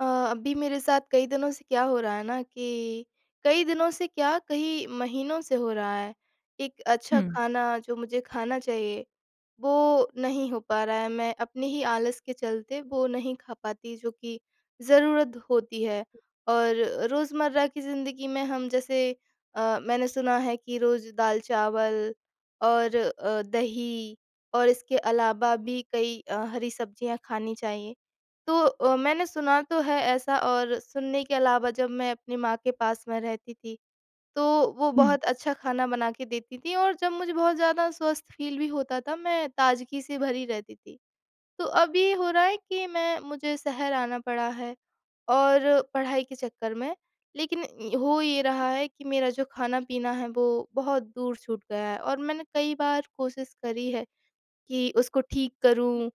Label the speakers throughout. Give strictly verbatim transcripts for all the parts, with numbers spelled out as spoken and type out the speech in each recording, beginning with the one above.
Speaker 1: अ, अभी मेरे साथ कई दिनों से क्या हो रहा है ना कि, कई दिनों से क्या, कई महीनों से हो रहा है, एक अच्छा
Speaker 2: हुँ।
Speaker 1: खाना जो मुझे खाना चाहिए वो नहीं हो पा रहा है, मैं अपने ही आलस के चलते वो नहीं खा पाती, जो कि ज़रूरत द होती है। और रोजमर्रा की ज़िंदगी में हम जैसे अ, मैंने सुना है कि रोज दाल-चावल और अ, दही और इसके अलावा भी कई अ, हरी सब्जियाँ खानी चाहिए, तो अ, मैंने सुना तो है ऐसा और सुनने के अलावा जब मैं अपनी माँ के पास में रहती थी, तो वो
Speaker 2: हुँ।
Speaker 1: बहुत अच्छा खाना बना के देती थी और जब मुझे बहुत ज़्यादा स्वस्थ फील भी होता था, मैं ताजगी से भरी रहती थी। तो अब ये हो रहा है कि मैं मुझे शहर आना पड़ा है और पढ़ाई के चक्कर में लेकिन अ, हो ये रहा है कि मेरा जो खाना-पीना है वो बहुत दूर छूट गया है। और मैंने कई बार कोशिश करी है कि उसको ठीक करूँ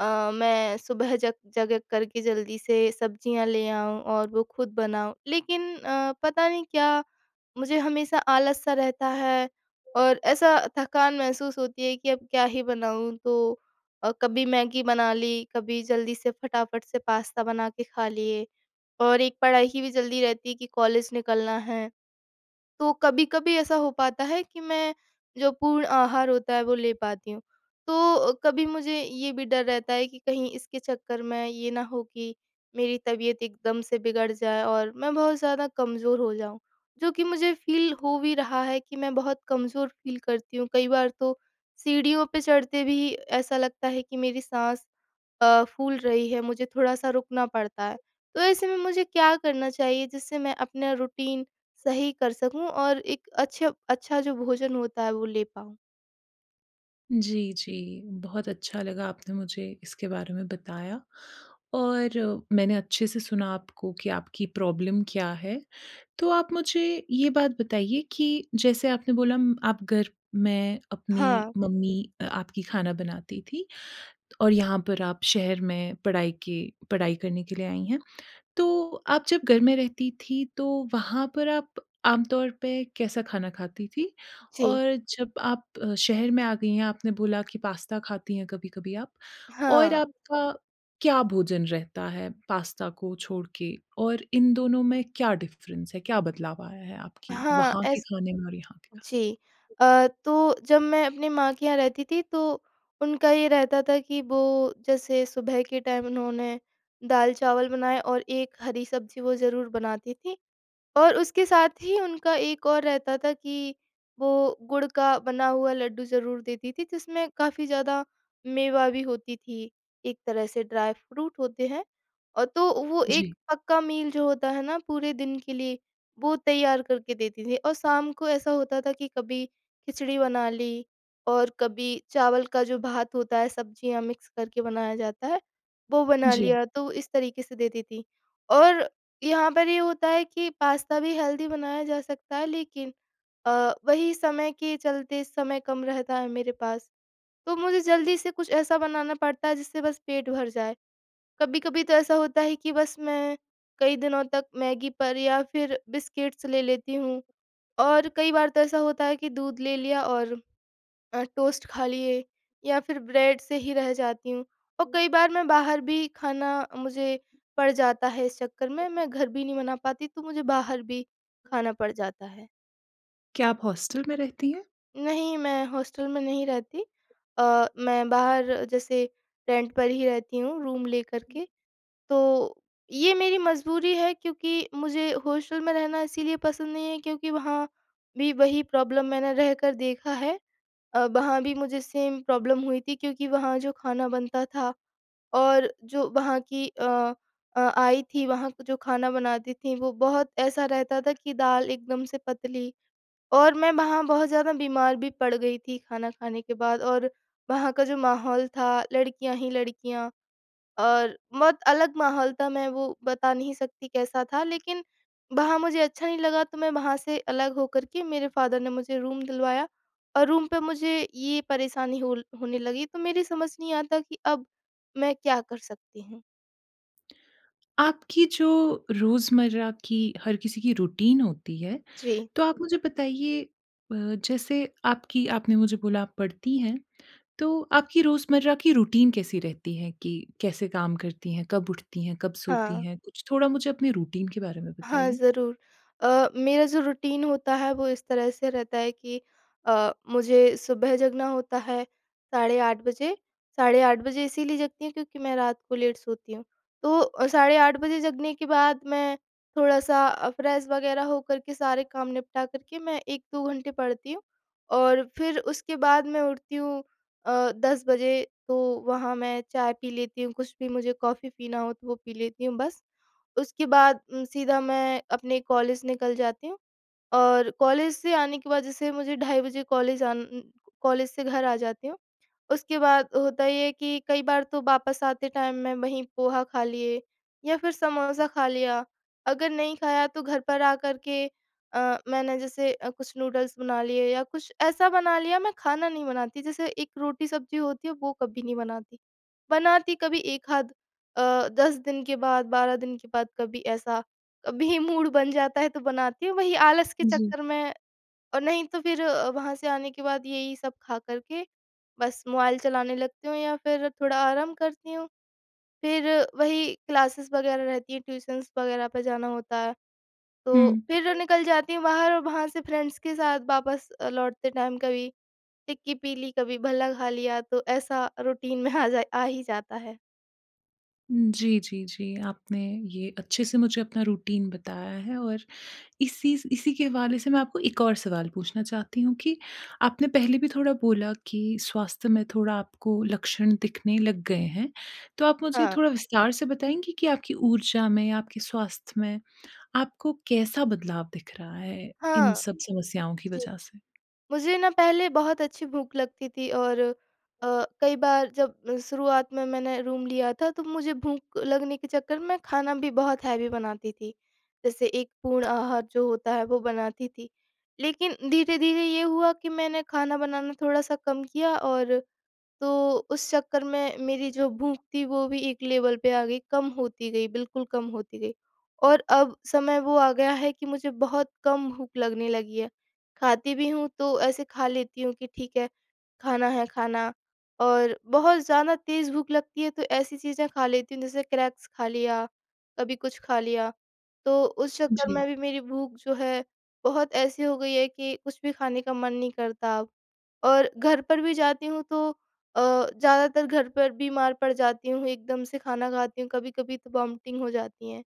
Speaker 1: अ, मैं सुबह जग जग करके जल्दी से सब्जियाँ ले आऊँ और वो खुद बनाऊँ, लेकिन अ, पता नहीं क्या मुझे हमेशा आलस-सा रहता है और ऐसा थकान महसूस होती है कि अब क्या ही बनाऊँ? तो अ, कभी मैगी बना ली, कभी जल्दी से फटाफट से पास्ता बना के खा लिए और एक पढ़ाई की भी जल्दी रहती है कि कॉलेज निकलना है, तो कभी-कभी ऐसा हो पाता है कि मैं जो पूर्ण आहार होता है, वो ले पाती हूँ। तो अ, कभी मुझे ये भी डर रहता है कि कहीं इसके चक्कर में ये ना हो कि मेरी तबियत एकदम से बिगड़ जाए और मैं बहुत ज़्यादा कमज़ोर हो जाऊँ, जो कि मुझे फील हो भी रहा है, कि मैं बहुत कमजोर फील करती हूँ। कई बार तो सीढ़ियों पे चढ़ते भी ऐसा लगता है कि मेरी साँस अ, फूल रही है, मुझे थोड़ा-सा रुकना पड़ता है, तो ऐसे में मुझे क्या करना चाहिए जिससे मैं अपना रूटीन सही कर सकूँ? और एक अच्छे अच्छा जो भोजन होता है वो ले पाऊँ?
Speaker 2: जी, जी, बहुत अच्छा लगा आपने मुझे इसके बारे में बताया और मैंने अच्छे से सुना आपको कि आपकी प्रॉब्लम क्या है, तो आप मुझे ये बात बताइए कि जैसे आपने बोला आप घर में अपनी
Speaker 1: हाँ।
Speaker 2: मम्मी आपकी खाना बनाती थी और यहाँ पर आप शहर में पढ़ाई के पढ़ाई करने के लिए आई हैं, तो आप जब घर में रहती थी तो वहाँ पर आप आमतौर पे कैसा खाना खाती थी
Speaker 1: जी।
Speaker 2: और जब आप शहर में आ गई हैं आपने बोला कि पास्ता खाती हैं कभी-कभी आप और
Speaker 1: हाँ।
Speaker 2: आपका क्या भोजन रहता है पास्ता को छोड़ के और इन दोनों में क्या डिफ़रेंस है, क्या बदलाव आया है आपकी
Speaker 1: हाँ,
Speaker 2: वहाँ के
Speaker 1: ऐस
Speaker 2: खाने में और यहाँ के खाने
Speaker 1: जी,
Speaker 2: में?
Speaker 1: अ, तो जब मैं अपनी माँ के यहाँ रहती थी तो उनका ये रहता था कि वो जैसे सुबह के टाइम उन्होंने दाल चावल बनाए और एक हरी सब्जी वो ज़रूर बनाती थीं और उसके साथ ही उनका एक और रहता था कि वो गुड़ का बना हुआ लड्डू ज़रूर देती थी, जिसमें काफ़ी ज़्यादा मेवा भी होती थी। एक तरह से ड्राई फ्रूट होते हैं और तो वो एक
Speaker 2: जी।
Speaker 1: पक्का मील जो होता है ना पूरे दिन के लिए वो तैयार करके देती थीं और शाम को ऐसा होता था कि कभी खिचड़ी बना ली और कभी चावल का जो भात होता है सब्जियाँ मिक्स करके बनाया जाता है वो बना
Speaker 2: जी।
Speaker 1: लिया, तो इस तरीके से देती थी। और यहाँ पर ये होता है कि पास्ता भी हेल्दी बनाया जा सकता है लेकिन अ, वही समय के चलते समय कम रहता है मेरे पास, तो मुझे जल्दी से कुछ ऐसा बनाना पड़ता है जिससे बस पेट भर जाए। कभी-कभी तो ऐसा होता है कि बस मैं कई दिनों तक मैगी पर या फिर बिस्किट्स ले लेती हूँ और कई बार तो ऐसा होता है कि दूध ले लिया और अ, टोस्ट खा लिए या फिर ब्रेड से ही रह जाती हूँ और कई बार मैं बाहर भी खाना मुझे पड़ जाता है इस चक्कर में मैं घर भी नहीं बना पाती, तो मुझे बाहर भी खाना पड़ जाता है।
Speaker 2: क्या आप हॉस्टल में रहती हैं?
Speaker 1: नहीं, मैं हॉस्टल में नहीं रहती अ, मैं बाहर जैसे रेंट पर ही रहती हूँ रूम लेकर के। तो ये मेरी मजबूरी है क्योंकि मुझे हॉस्टल में रहना इसीलिए पसंद नहीं है, क्योंकि वहाँ भी वही प्रॉब्लम मैंने रहकर देखा है अ, वहाँ भी मुझे सेम प्रॉब्लम हुई थी क्योंकि वहाँ जो खाना बनता था और जो वहाँ की अ अ, आई थी वहाँ जो खाना बनाती थी, वो बहुत ऐसा रहता था कि दाल एकदम से पतली और मैं वहाँ बहुत ज़्यादा बीमार भी पड़ गई थी खाना खाने के बाद और वहाँ का जो माहौल था लड़कियाँ ही लड़कियाँ और बहुत अलग माहौल था, मैं वो बता नहीं सकती कैसा था, लेकिन वहाँ मुझे अच्छा नहीं लगा तो मैं वहाँ से अलग होकर के मेरे फादर ने मुझे रूम दिलवाया और रूम पे मुझे ये परेशानी होल होने लगी, तो मेरी समझ नहीं आता कि अब मैं क्या कर सकती हूँ?
Speaker 2: आपकी जो रोज़मर्रा की हर किसी की रूटीन होती है,
Speaker 1: जी।
Speaker 2: तो आप मुझे बताइए अ, जैसे आपकी आपने मुझे बोला आप पढ़ती हैं, तो आपकी रोज़मर्रा की रूटीन कैसी रहती है? कि कैसे काम करती हैं, कब उठती हैं, कब सोती
Speaker 1: हाँ।
Speaker 2: हैं, कुछ थोड़ा मुझे अपने रूटीन के बारे में
Speaker 1: हाँ,
Speaker 2: बताइए?
Speaker 1: ज़रूर। अ, मेरा जो रूटीन होता है वो इस तरह से रहता है कि अ, मुझे सुबह जगना होता है साढ़े आठ बजे, साढ़े आठ बजे इसीलिए जगती हूँ क्योंकि मैं रात को लेट सोती हूँ, तो साढ़े आठ बजे जगने के बाद मैं थोड़ा-सा अ, फ्रेश वगैरह होकर के सारे काम निपटा करके मैं एक दो घंटे पढ़ती हूँ और फिर उसके बाद मैं उठती हूँ अ, दस बजे तो वहाँ मैं चाय पी लेती हूँ कुछ भी मुझे कॉफी पीना हो तो वो पी लेती हूँ बस। उसके बाद उम, सीधा मैं अपने कॉलेज निकल जाती हूँ। और कॉलेज से आने के बाद जैसे मुझे ढ़ाई बजे कॉलेज आ न न कॉलेज से घर आ जाती हूँ। उसके बाद होता ये है कि कई बार तो वापस आते टाइम मैं वहीं पोहा खा लिए या फिर समोसा खा लिया, अगर नहीं खाया तो घर पर आकर के अ, मैंने जैसे अ, कुछ नूडल्स बना लिए या कुछ ऐसा बना लिया, मैं खाना नहीं बनाती जैसे एक रोटी-सब्जी होती है वो कभी नहीं बनाती। बनाती कभी एक आध अ, दस दिन के बाद बारह दिन के बाद कभी ऐसा कभी मूड बन जाता है तो बनाती हूँ, वही आलस के
Speaker 2: जी।
Speaker 1: चक्कर में और नहीं तो फिर अ, वहाँ से आने के बाद यही सब खा कर के बस मोबाइल चलाने लगती हूँ या फिर थोड़ा आराम करती हूँ। फिर वही क्लासेस वगैरह रहती हैं ट्यूशन्स वगैरह पे जाना होता है, तो
Speaker 2: हुँ।
Speaker 1: फिर निकल जाती हूँ बाहर और वहाँ से फ्रेंड्स के साथ वापस अ, लौटते टाइम कभी टिक्की पी ली, कभी भल्ला खा लिया तो ऐसा रूटीन में आ जा आ ही जाता है।
Speaker 2: जी, जी, जी। आपने ये अच्छे से मुझे अपना रूटीन बताया है और इसी स इसी के हवाले से मैं आपको एक और सवाल पूछना चाहती हूँ कि आपने पहले भी थोड़ा बोला कि स्वास्थ्य में थोड़ा आपको लक्षण दिखने लग गए हैं, तो आप मुझे
Speaker 1: हाँ।
Speaker 2: थोड़ा विस्तार से बताएँगी कि आपकी ऊर्जा में या आपके स्वास्थ्य में आपको कैसा बदलाव दिख रहा है इन
Speaker 1: हाँ।
Speaker 2: सब समस्याओं की
Speaker 1: जी।
Speaker 2: वज़ह से।
Speaker 1: मुझे ना पहले बहुत अच्छी भूख लगती थी और अ, कई बार जब शुरुआत में मैंने रूम लिया था तो मुझे भूख लगने के चक्कर में खाना भी बहुत हेवी बनाती थी, जैसे एक पूर्ण आहार जो होता है वो बनाती थी, लेकिन धीरे-धीरे ये हुआ कि मैंने खाना बनाना थोड़ा-सा कम किया और तो उस चक्कर में मेरी जो भूख थी वो भी एक लेवल पर आ गई, कम होती गई बिल्कुल कम होती गई और अब समय वो आ गया है कि मुझे बहुत कम भूख लगने लगी है। खाती भी हूँ तो ऐसे खा लेती हूँ कि ठीक है खाना है खाना और बहुत ज़्यादा तेज़ भूख लगती है तो ऐसी चीज़ें खा लेती हूँ जैसे क्रैक्स खा लिया, कभी कुछ खा लिया, तो उस चक्कर
Speaker 2: जी।
Speaker 1: में भी मेरी भूख जो है बहुत ऐसी हो गई है कि कुछ भी खाने का मन नहीं करता अब और घर पर भी जाती हूँ तो अ, ज़्यादातर घर पर बीमार पड़ जाती हूँ, एकदम से खाना खाती हूँ कभी-कभी तो वॉमिटिंग हो जाती हैं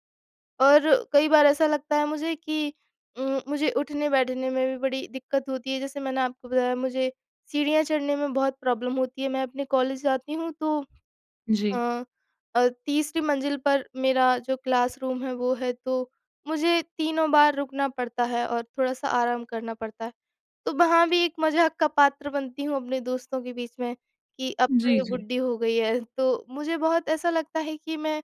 Speaker 1: और कई बार ऐसा लगता है मुझे कि उम, मुझे उठने बैठने में भी बड़ी दिक्कत होती है जैसे मैंने आपको बताया मुझे सीढ़ियाँ चढ़ने में बहुत प्रॉब्लम होती है, मैं अपने कॉलेज जाती हूँ तो
Speaker 2: जी।
Speaker 1: हाँ, अ, तीसरी मंजिल पर मेरा जो क्लासरूम है वो है तो मुझे तीनों बार रुकना पड़ता है और थोड़ा-सा आराम करना पड़ता है, तो वहाँ भी एक मज़ाक़ का पात्र बनती हूँ अपने दोस्तों के बीच में कि अब तो
Speaker 2: जी,
Speaker 1: ये
Speaker 2: जी।
Speaker 1: बुड्ढी हो गई है, तो मुझे बहुत ऐसा लगता है कि मैं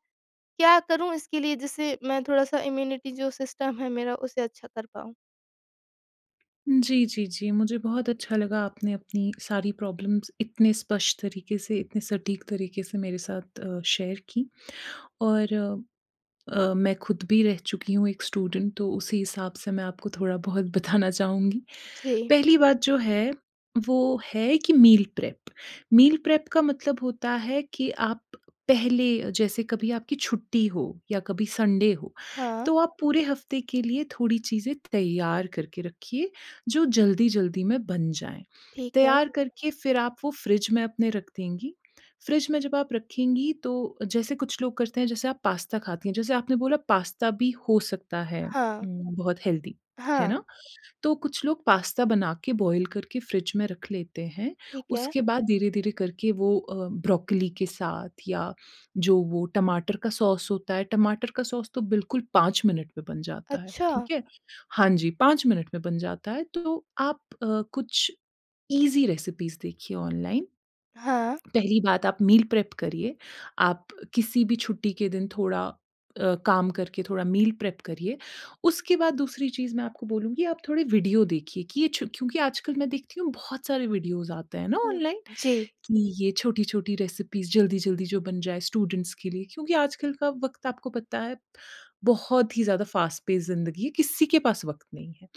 Speaker 1: क्या करूँ इसके लिए जिससे मैं थोड़ा-सा इम्यूनिटी जो सिस्टम है मेरा उसे अच्छा कर पाऊँ।
Speaker 2: जी, जी, जी। मुझे बहुत अच्छा लगा आपने अपनी सारी प्रॉब्लम्स इतने स्पष्ट तरीके से, इतने सटीक तरीके से मेरे साथ शेयर की और अ, मैं खुद भी रह चुकी हूँ एक स्टूडेंट तो उसी हिसाब से मैं आपको थोड़ा-बहुत बताना चाहूँगी।
Speaker 1: जी।
Speaker 2: पहली बात जो है वो है कि मील प्रेप, मील प्रेप का मतलब होता है कि आप पहले अ, जैसे कभी आपकी छुट्टी हो या कभी संडे हो,
Speaker 1: हाँ।
Speaker 2: तो आप पूरे हफ़्ते के लिए थोड़ी चीज़ें तैयार करके रखिए जो जल्दी-जल्दी में बन जाएँ,
Speaker 1: ठीक है।
Speaker 2: तैयार करके फिर आप वो फ़्रिज में अपने रख देंगी, फ़्रिज में जब आप रखेंगी तो जैसे कुछ लोग करते हैं जैसे आप पास्ता खाती हैं, जैसे आपने बोला पास्ता भी हो सकता है
Speaker 1: हाँ।
Speaker 2: उम, बहुत हेल्थी, है
Speaker 1: हाँ।
Speaker 2: ना? तो कुछ लोग पास्ता बना के बॉयल करके फ़्रिज में रख लेते हैं,
Speaker 1: ठीक है।
Speaker 2: उसके बाद धीरे-धीरे करके वो अ, ब्रोकोली के साथ या जो वो टमाटर का सॉस होता है टमाटर का सॉस तो बिल्कुल पाँच मिनट में बन जाता है,
Speaker 1: अच्छा।
Speaker 2: ठीक है। हाँ जी, पाँच मिनट में बन जाता है तो आप अ, कुछ ईज़ी रेसिपीज़ देखिए ऑनलाइन,
Speaker 1: हाँ।
Speaker 2: पहली बात आप मील प्रेप करिए, आप किसी भी छुट्टी के दिन थोड़ा अ, काम करके थोड़ा मील प्रेप करिए, उसके बाद दूसरी चीज़ मैं आपको बोलूँगी आप थोड़े वीडियो देखिए कि ये छु क्योंकि आजकल मैं देखती हूँ बहुत सारे वीडियोज़ आते हैं ना
Speaker 1: हुँ।
Speaker 2: ऑनलाइन,
Speaker 1: जी।
Speaker 2: कि ये छोटी-छोटी रेसिपीज़ जल्दी-जल्दी जो बन जाए स्टूडेंट्स के लिए क्योंकि आजकल का वक़्त आपको पता है बहुत ही ज़्यादा फ़ास्ट पेस ज़िंदगी है, किसी के पास वक़्त नहीं है,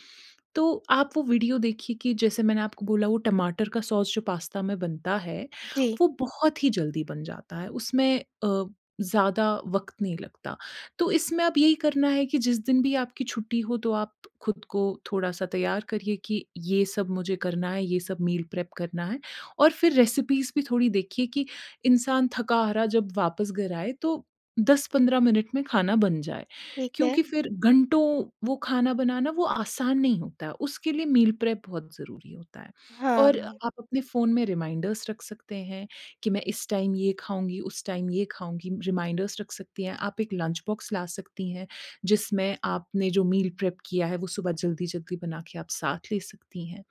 Speaker 2: तो आप वो वीडियो देखिए कि जैसे मैंने आपको बोला वो टमाटर का सॉस जो पास्ता में बनता है,
Speaker 1: जी।
Speaker 2: वो बहुत ही जल्दी बन जाता है उसमें अ, ज़्यादा वक़्त नहीं लगता, तो इसमें अब यही करना है कि जिस दिन भी आपकी छुट्टी हो तो आप खुद को थोड़ा-सा तैयार करिए कि ये सब मुझे करना है, ये सब मील प्रेप करना है और फिर रेसिपीज़ भी थोड़ी देखिए कि इंसान थका-हारा जब वापस घर आए तो दस पंद्रह मिनट में खाना बन जाए,
Speaker 1: ठीक है।
Speaker 2: क्योंकि फिर घंटों वो खाना बनाना वो आसान नहीं होता है, उसके लिए मील प्रेप बहुत ज़रूरी होता है
Speaker 1: हाँ,
Speaker 2: और
Speaker 1: हाँ।
Speaker 2: आप अपने फ़ोन में रिमाइंडर्स रख सकते हैं कि मैं इस टाइम ये खाऊँगी, उस टाइम ये खाऊँगी, रिमाइंडर्स रख सकती हैं, आप एक लंच बॉक्स ला सकती हैं, जिसमें आपने जो मील प्रेप किया है वो सुबह जल्दी-जल्दी बना के आप साथ ले सकती हैं।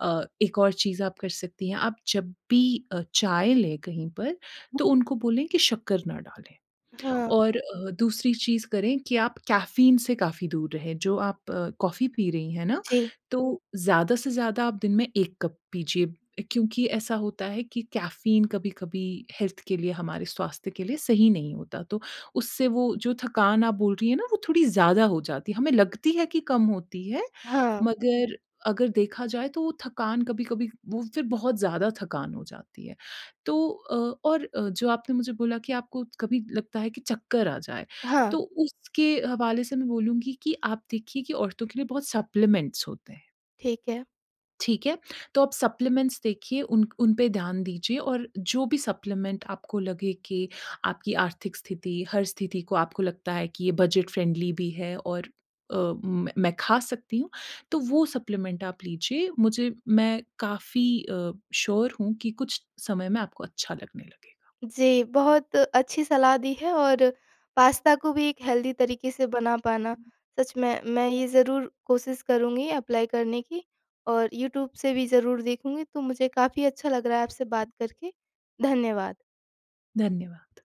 Speaker 2: अ, एक और चीज़ आप कर सकती हैं, आप जब भी अ, चाय लें कहीं पर तो उनको बोलें कि शक्कर ना डालें
Speaker 1: हाँ।
Speaker 2: और अ, दूसरी चीज़ करें कि आप कैफ़ीन से काफ़ी दूर रहें, जो आप कॉफ़ी पी रही हैं ना,
Speaker 1: जी
Speaker 2: तो ज़्यादा से ज़्यादा आप दिन में एक कप पीजिए क्योंकि ऐसा होता है कि कैफ़ीन कभी-कभी हेल्थ के लिए हमारे स्वास्थ्य के लिए सही नहीं होता, तो उससे वो जो थकान आप बोल रही हैं ना वो थोड़ी ज़्यादा हो जाती है, हमें लगती है कि कम होती है,
Speaker 1: हाँ।
Speaker 2: मगर अगर देखा जाए तो वो थकान कभी-कभी वो फिर बहुत ज़्यादा थकान हो जाती है, तो अ, और अ, जो आपने मुझे बोला कि आपको कभी लगता है कि चक्कर आ जाए,
Speaker 1: हाँ।
Speaker 2: तो उसके हवाले से मैं बोलूँगी कि आप देखिए कि औरतों के लिए बहुत सप्लीमेंट्स होते हैं।
Speaker 1: ठीक है।
Speaker 2: ठीक है? तो आप सप्लीमेंट्स देखिए उन उनपे ध्यान दीजिए और जो भी सप्लीमेंट आपको लगे कि आपकी आर्थिक स्थिति हर स्थिति को आपको लगता है कि ये बजट फ्रेंडली भी हैं और अ, मैं मैं खा सकती हूँ तो वो सप्लीमेंट आप लीजिए, मुझे मैं काफ़ी अ, श्योर हूँ कि कुछ समय में आपको अच्छा लगने लगेगा।
Speaker 1: जी, बहुत अच्छी सलाह दी है और पास्ता को भी एक हेल्दी तरीके से बना पाना सच में, मैं ये ज़रूर कोशिश करुँगी अप्लाई करने की और यूट्यूब से भी ज़रूर देखूँगी, तो मुझे काफ़ी अच्छा लग रहा है आपसे बात करके। धन्यवाद।
Speaker 2: धन्यवाद।